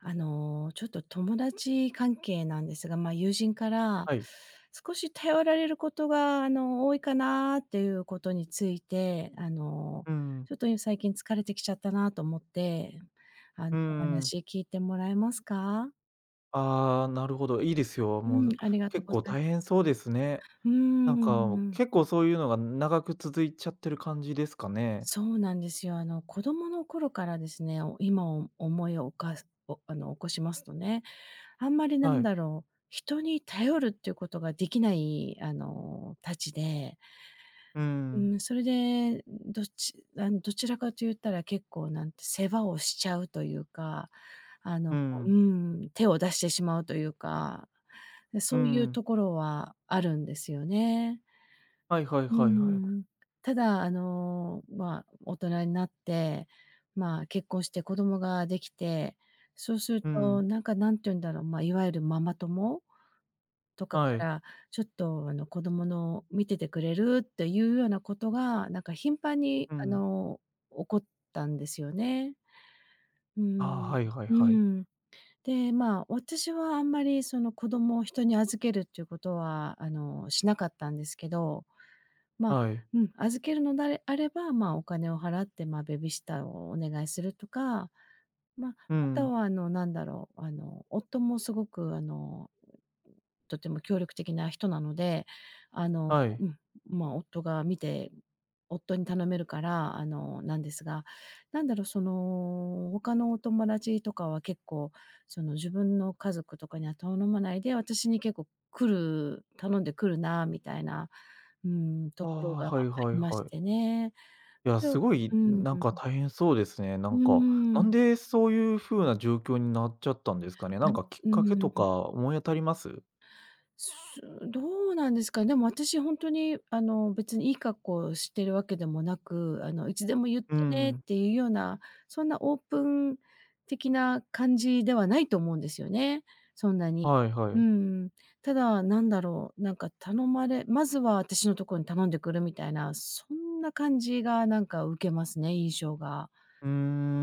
あの、ちょっと、友達関係なんですが、まあ、友人から、はい。少し頼られることが、あの、多いかなっていうことについて、あの、うん。ちょっと、いん最近疲れてきちゃったなと思って、あうの、おんうん。話聞いてもらえますか？ああ、なるほど、いいですよ、もうん、う、ありがと、結ござ構いま大変そうですね。す。うーなん、んか、うおん。結構そういうのが、ん、長く続いちゃってる感じですかね。そうなんですよ、あの、子どもの頃からですね、お今、お思いをおかすおあの、起こしますとね、あんまり、なはんい。だろう、人に頼るっていうことができない、あの、たちで、うんううん。ん、それで、んん、どっちあの、どちらかと言ったら、結構、なんて世話をしちゃうというか、あうの、んこううん。んうん、手を出してしまうというか。で、うんそういううん。ところはあるんですよね。はいはいうんうはいはい。んうん。ただ、あの、まあ、大人になって、まあ、結婚して子どもができて、そうするうと、ん。なんか、何て言うんだろう、まあ、いわゆるママ友とかかはい。ら、ちょっと、あの、子どもの見ててくれるっていうようなことが、なんか、頻繁に、うあん。の、起こったんですよね。うああ、んはいはいうん。うはんうい。ん。で、まあ、私はあんまり、その、子どもを人に預けるっちゅうことは、あの、しなかったんですけど、まあ、はい。うん、預けるのであれあれば、まあ、お金を払って、まあ、ベビーシッターをお願いするとか、まあ、うあんうとん。は、あの、なんだろう、あの、夫もすごく、あの、う、ん、とても協力的な人なので、あの、はい。うん、まあ、夫が見て、ん、夫に頼めるから、あの、なんですが、何だろう、その、他のお友達とかは結構、その、自分の家族とかには頼まないで、私に結構来る頼んで来るな、みたいな、うーん、とああ、ころはがあはいはいりましはい。てね。いや、それすをごい、うん、んなんうん。か、大変そうですね、なうんーか。なん。んで、そういう風な状況になっちゃったんですかね。なんぬか、きっうかん、けんとん。か思い当たります？すどうなんですか。でも、あたしほんとに、あの、別にいい格好してるわけでもなく、あの、いつでも言ってうんねっうん。ていうような、そんなオープン的な感じではないと思うんですよね、そんなに。はいはうい。ん、ただ、何だろう、なんか、頼まれまずはあたしのとこに頼んでくるみたいな、そんな感じがなんか受けますね、印象が。うー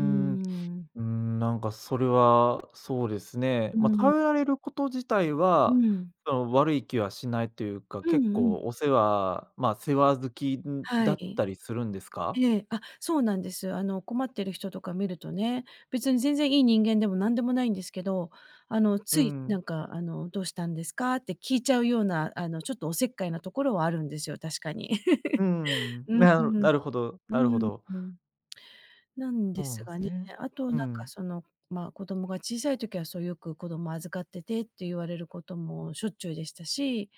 うーうん。ーん、なんか、それは、そうですね、うーま、ん。頼られること自体うは、ん。その、悪い気はしないというか、うん結うん。構お世話まあ、世話好き、んは、いだっん。たりするんですか？ええ、あ、そうなんです。あの、困ってる人とか見るとね、別に全然いい人間でも何でもないんですけど、あの、うつい、んうなん。んか、あの、どうしたんですか？って聞いちゃうような、あの、ちょっとお節介なところはあるんですよ、確かに。う んうん。うんなうるん、なるほどうなるほんど。うん。なんそでうなすんすがね、ね。あとなうんか、ん。その、まあ、子どもが小さい時は、そう、よく子ども預かっててって言われることもしょっちゅうでしたし、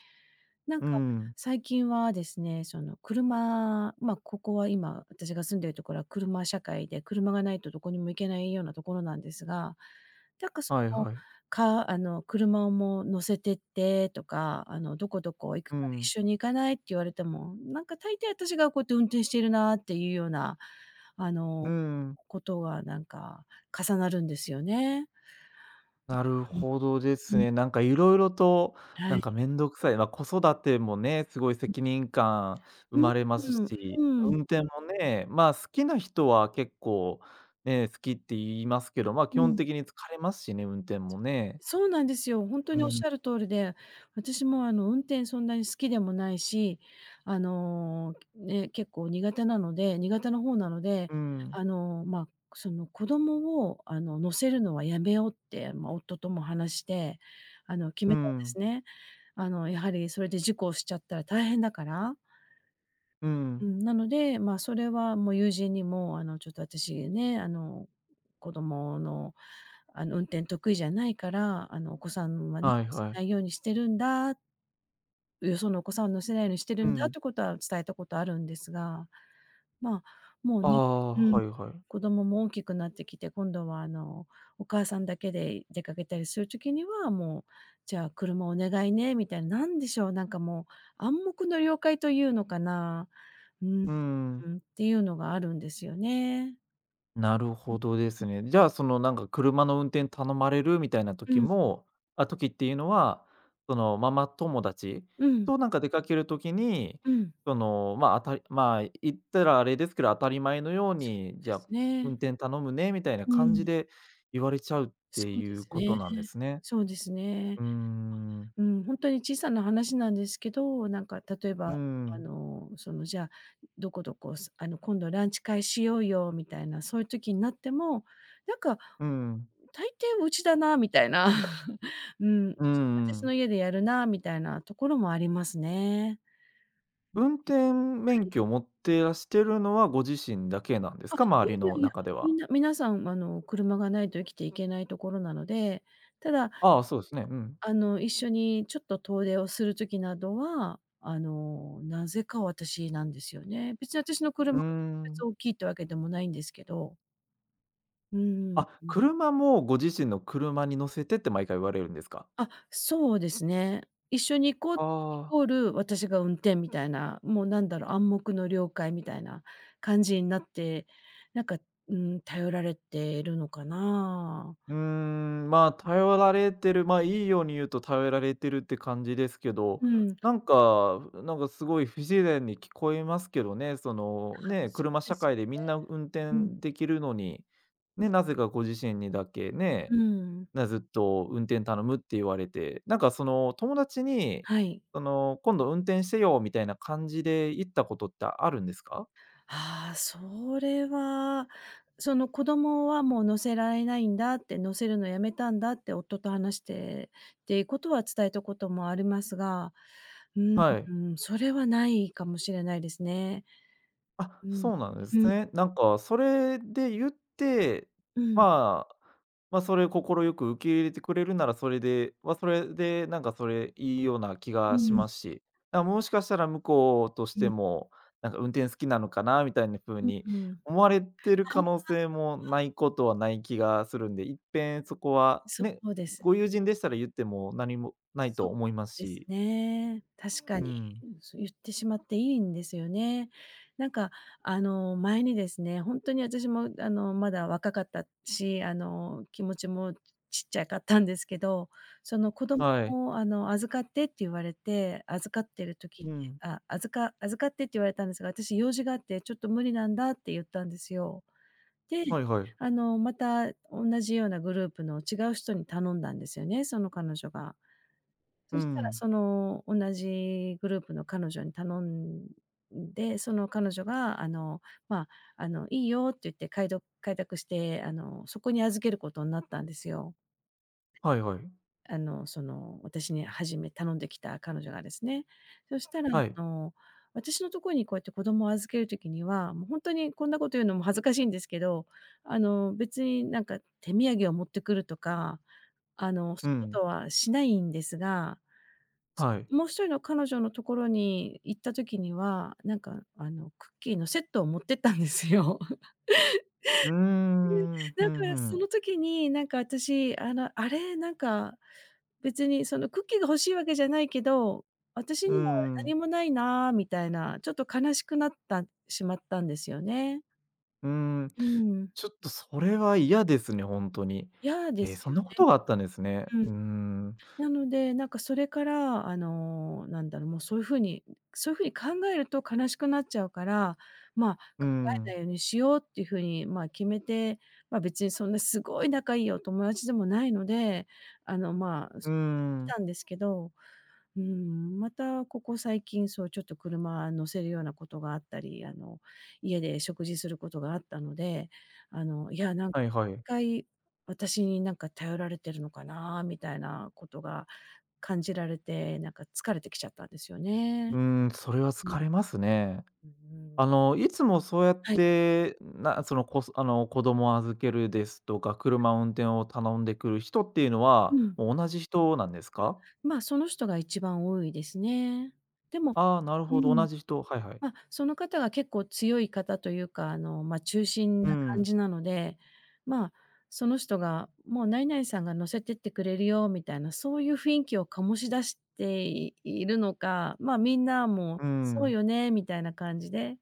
なんうんか、うん。最近はですね、その、車まあ、ここは今私が住んでるところは車社会で、車がないと、どこにも行けないようなところなんですが、なんか、そはいのはい。カーあの、車も、乗せてってとか、あの、どこどこ行くうから一ん。緒に行かないって言われても、なんか、大抵私がこやって運転しているなっていうような、あうんの、うん。こことが、なんか、重なるんですよね。なるう、ほどですうん、うん。ね。なんか、いろいろと、はなんい。か、面倒くさいまあ、子育てもね、すごいん。責任感生う、うまれますん、ふし、うん。運転もね、まあ、好きな人は結構ね、好きって言いますけど、まあ、基う本ん。的に疲れますしね、運転もね。そうなんですよ、ほんとうにおっん。しゃる通りで、私も、あの、運転そんなに好きでもないし、あの、ね、結構苦手なので苦手な方なので、うんうん。あの、まあ、その、子どもを、あの、乗せるのはやめようって、まあ、夫とも話して、あの、決うめたんんでうん。すね。あの、やはり、それで事故をしちゃったら大変だから。うんううん。ん、なので、まあ、それはもう友人にも、あの、ちょっとあたしね、あの、子どものあの、運転得意じゃないから、あの、お子さんはね、はい乗せはない。いようにしてるんだ。う、よそのお子さん乗せないようにしてうるんだっん。てことは伝えたことあるんですが、まあ、もうあね、あ、うん、はいはい。子どもも大きくなってきて、今度は、あの、お母さんだけで、い出かけたりする時には、もう、じゃあ、車お願いねみたいななんでしょう、なんかもう、暗黙の了解というのかな。うん。うんうん。うん。っていうのがあるんですよね。なるほどです [unintelligible] ね。じゃあ、その、なんか車の運転頼まれるみたいなう時ん。もあ、時っていうのは、そのママ友達うん。となんか出かける時に、うん。その、まあ、あたりまあ、言ったらあれですけど、当たり前のようそに、うじでゃすあ、ね。運転頼むねみたいなう感じん。で言われちゃうっそてうでいうすことね。なんですね？そうですね。うーん。うん、ほんとに小さな話なんですけど、なんか例えうーば、あん。の、そのじゃあ、どこどこすあの、今度ランチ会しようよみたいな、そういう時になっても、なんか、うん。大抵うちだなみたいな。うん、う [unintelligible] んうそん。の家でやるなみたいなところもありますね。運転免 [unintelligible] 許持ってらしてるのは、ご自身だけなんですあ、か？いや周りいのやいや、中でみは。んな皆さん、あの、車がないと生きていけないところなので、ただああ、そうすね、うん。あの、一緒にちょっと遠出をする時などは、あの、なぜか私なんですよね。別に私のう車ーが特別ん。大きいっていうわけでもないんですけど。うんうん。あ、うん。車もご自身の車に乗せてって毎回言われるんですか？あ、そうですね。一緒に行こう、あイあ。コール、私が運転みたいな、もうなんだろう、暗黙の了解みたいな感じになって、なんか、うーん、頼られてるのかな。うーん。まあ、頼られてる、まあ、いいように言うと頼られてるって感じですけど、うん。なんかなんか、すごい不自然に聞こえますけどね。その、あ、多ね分え、そ車うで社す会よでみね。んな運うん。転できるのに、うね、ん。なぜかご自身にだけ、うねーん。え、ね、ずっと運転頼むって言われて。なんかその友達に、はい。あの、今度運転してよみたいな感じで言ったことってあるんですか？ああ、それは、その、子供はもう乗せられないんだって、乗せるのやめたんだって、夫と話してっていうことは伝えたこともありますが、うはい。ーん、それはないかもしれないですね。あ、うん。そうなんでうすん。ね。なんかそれで言って、うん。まあ、ま、それを快く受け入れてくれるなら、それで、まあ、それで、なんかそれ、いいような気うがしん。ますし。や、もしかしたら向こうとしうてん。も、なんか運転好きなのかなみたいな風うにうん。思われてるあ可あ。能性もあ。ないことはない気がするんで、いっぺんそこは、そね、うです。ご友人でしたら言っても何もないとそう思いますですし。ね、確かうに。ん。そう言ってしまっていいんですよね。なんか、あの、前にですね、ほんとに私も、あの、まだ若かったし、あの、気持ちもちっちゃかったんですけど、その子供はい。を、あの、預かってって言われて、預かってる時にうん。あ、預か預かってって言われたんですが、私用事があってちょっと無理なんだって言ったんですよ。で、はいはい。あの、また同じようなグループの違う人に頼んだんですよね、その彼女が。うそしたらん。その、同じグループの彼女に頼んで、その彼女が、あの、まあ、あの、いいよって言ってかいど快諾して、あの、そこに預けることになったんですよ。はいはい。あの、その、私にはじめ頼んできた彼女がですね、そしたら、はい。あの、私のところにこうやって子供を預ける時には、もうほんとにこんなこと言うのも恥ずかしいんですけど、あの、別になんか手土産を持ってくるとか、あの、そうういうこん。とはしないんですが、はい。もう一人の彼女の所に行った時には、なんか、あのクッキーのセットを持ってったんですよ。うー ん。ふなんかんふそん。の時に、なんか私、あの、あれ、なんか、別にそのクッキーが欲しいわけじゃないけど、私うーにはん。何もないなみたいな、ちょっと悲しくなったしまったんですよね。うーん、うーん。ちょっとそれは嫌ですね、ほんとに。嫌でえ、すそんよなことね。があったんですね。うん。うーん。なので、なんかそれから、あの、なんだろ、もう、そういう風にそういう風に考えると悲しくなっちゃうから、まあ、うー考えん。ないようにしようっていう風に、まあ、決めて、まあ、別にそんなすごい仲いいお友達でもないので、あの、まあ、うーす来ん。たんですけど、うーん、またここ最近、そう、ちょっと車乗せるようなことがあったり、あの、家で食事することがあったので、あの、いや、何はいはい。回、私になんか頼られてるのかなみたいなことが感じられて、なんか疲れてきちゃったんですようね。ーん、それはう疲ん。れますね。うーん。あの、いつもそうやっはい。て、なその、こあの、子供を預けるですとか、はい。車運転を頼んでくる人っていうのうは、ん。もう、同じ人なんですあ、か？まあ、その人が一番多いですね。でもああ、なるうほど。同ん。じ人。はいはい。まあ、その方が結構強い方というか、あのまあ中心うーな感ん。じなので、まあ、その人がもう何々さんが乗せてってくれるよみたいな、そういう雰囲気を醸し出して、いいるのか、まあ、みんなうも、ーそうん。よねみたいな感じで。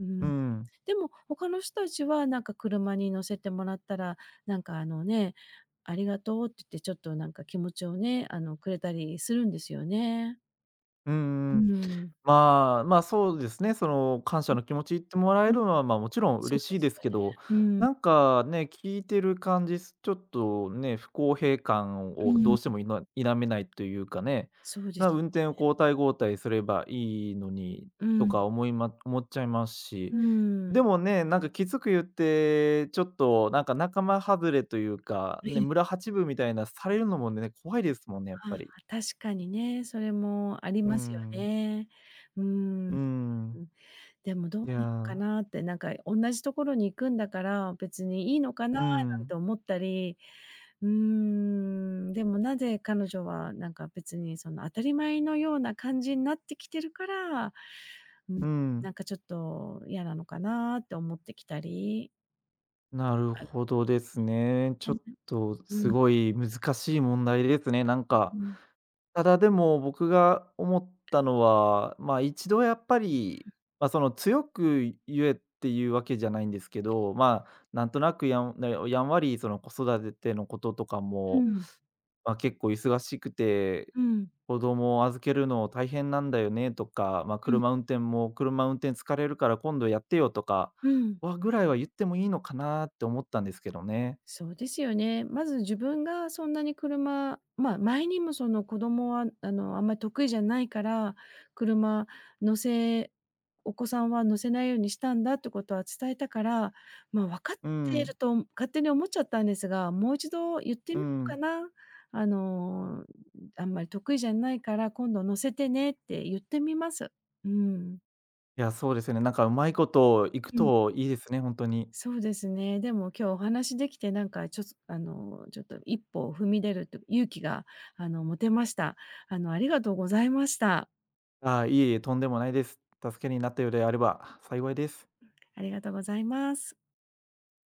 ううーん。ん。でも、他の人たちはなんか車に乗せてもらったら、なんかあのね、ありがとうって言って、ちょっとなんか気持ちをね、あの、くれたりするんですよね。ううんうーん、ん。まあ、ま、そうですね、その感謝うん。の気持ち言ってもらえうん、るのは、まあ、もちろんそう嬉しでいですすけど、ね。うん。なんかね、聞いてる感じ、すちょっとね、不公平感うをどーうしてん。もいま否めないというかね、そうでなら、す運ね。転を交代交代すればいいのに、うとん。か思いま思っちゃいますうし、ーん。でもね、なんかきつく言って、ちょっとなんか、仲間はずれというか、えね、え。村八分みたいなされるのもね、怖いですもんね、やっああ、ぱり。確かにね、それもありうーますよん。ね。うーうーん。うん。ん、でもどういなのかや。なって、なんかおんなじところに行くんだから、別にいいのかなうなんん。て思ったり。うーん、でもなぜ彼女は、なんか別にその当たり前のような感じになってきてるから、ん、うなん。んかちょっと嫌なのかなって思ってきたり。なるほどですね。ちょっと [unintelligible] うすん。ごい難しい問題ですね、なんうか。ん。ただ、でも、僕が思ったのは、まあ、一度やっぱり、うん。まあ、その強く言えっていうわけじゃないんですけど、まあ、なんとなくやんなよやんわりその子育ててのこととかうも、ん。まあ、結構忙しくて、うん。子供を預けるの大変なんだよねとか、まあ、うん。車運転も車運転疲れるから今度やってよとかうん。はぐらいは言ってもいいのかなって思ったんですけどね。そうですよね。まず自分がそんなに車まあ、前にもその子供は、あの、あんまり得意じゃないから、車乗せお子さんは乗せないようにしたんだってことは伝えたから、まあ、わかっうているん。と勝手に思っちゃったんですが、もう一度言ってうみようかん。な。あの、あんまり得意じゃないから今度乗せてねって言ってみます。うん。いや、そうですよね、なんかうまいこと、いくうん。といいですね、ほんとに。そうですね。でも今日お話しできて、なんかちょっとあの、ちょっと一歩を踏み出るって勇気が、あの、持てました。あの、ありがとうございました。ああ、いえいえ、とんでもないです。助けになったようであれば幸いです。ありがとうございます。